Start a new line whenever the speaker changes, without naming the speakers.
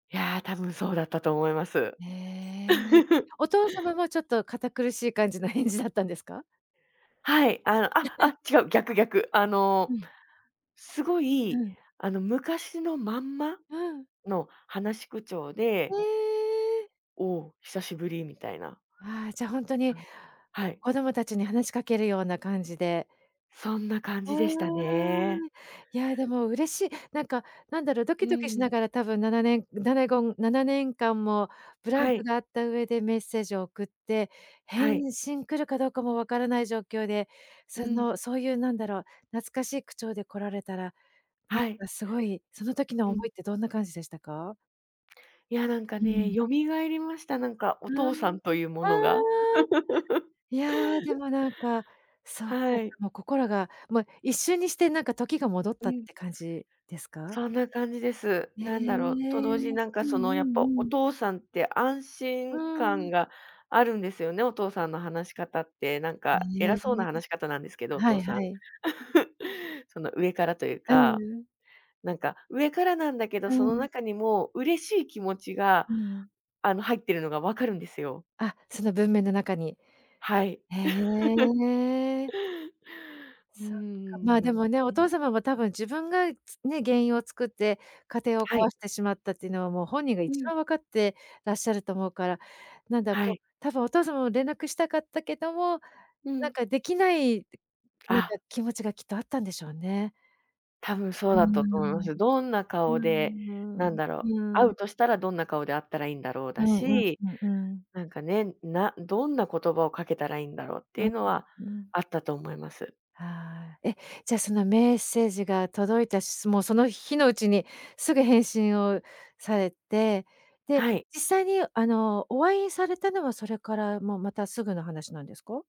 いや、多分そうだったと思います。
へえ。お父様もちょっと堅苦しい感じの返事だったんですか？
はい、あの、ああ、違う、逆逆。あの、
うん。
すご
う
い、
ん。
あの昔のまんま
うん。
の話し口調で
ええ。
「おお、久しぶり」みたいな。
ああ、じゃあほんとに
あんはい。
子供たちに話しかけるような感じで。
そんな感
ふ
じでしたね。
ーん。いやでも嬉しいなんか、何だろう、ド
う
キドキし
ん。
ながら多分7年ななごん7年間もブラン
は
ク
い。
があった上でメッセージを送って、
はい。
返信来るかどうかも分からない状況で、
う
そ
ん。
の、そういう何だろう、懐かしい口調で来られたら、なん
はい。
か凄い、その時の
う
思
ん。
いってどんな感じでしたか？
いやなんか
う
ね
ん。
蘇りました。なんか
ふ
お
う
父
ん。
さんというものが。
うーん。いや、でもなん、そう
はい。
もう心が、もう一瞬にしてなんか時が戻っ
う
たっ
ん。
て感じですか？
そんな感じです。
へ
なんだろう、と同時に
え。
なんか
うんう
そのやっぱ
ん
お
うん。
父さんって安
う
心感
ん。
があるんですよね、お父さんの話し方って。なん
へ
か
え、
偉そうな話し方なんですけど、お
は
父
い
さん。
はい。
その上からという
う
か。
ん。
なんか上からなんだけど、
う
その
ん。
中にも嬉しい気持ちが、
うん。
あの、入っているのが分かるんですよ。
あ、その文面の中に。
はい。
へ え。
うー
そっか、
ん、
ま、
な
で
んか
もね、お
ね
父様も多分自分が、つね、原因を作って、家庭を
はい。
壊してしまったっていうのは、もう本人が
う
一
ん。
番分かってらっしゃると思うから、なんだろ、
は
こ
い。
う、多分お父様も連絡したかったけども、
う
なん
ん。
か出来ない、なんか
あ
気持ちがきっとあったんでしょうね。
多分
う
そう
ー
だったと思いま
ん。
す。どんな
うー
顔で、なん
ん。
だろう、
う
会
ーん。
うとしたらどんな顔で会ったらいいんだろう
う
だ
んうん
し、
うんうん。
なんかね、などんな言葉をかけたらいいんだろうっ
う
てい
ん
う
ん、
のは
うん。
あったと思います。
ああ、え、じゃあ、そのメッセージが届いた、しもうその日のうちにすぐ返信をされて、で、
はい。
実際にあの、お会いされたのは、それからもうまたすぐの話なんですか？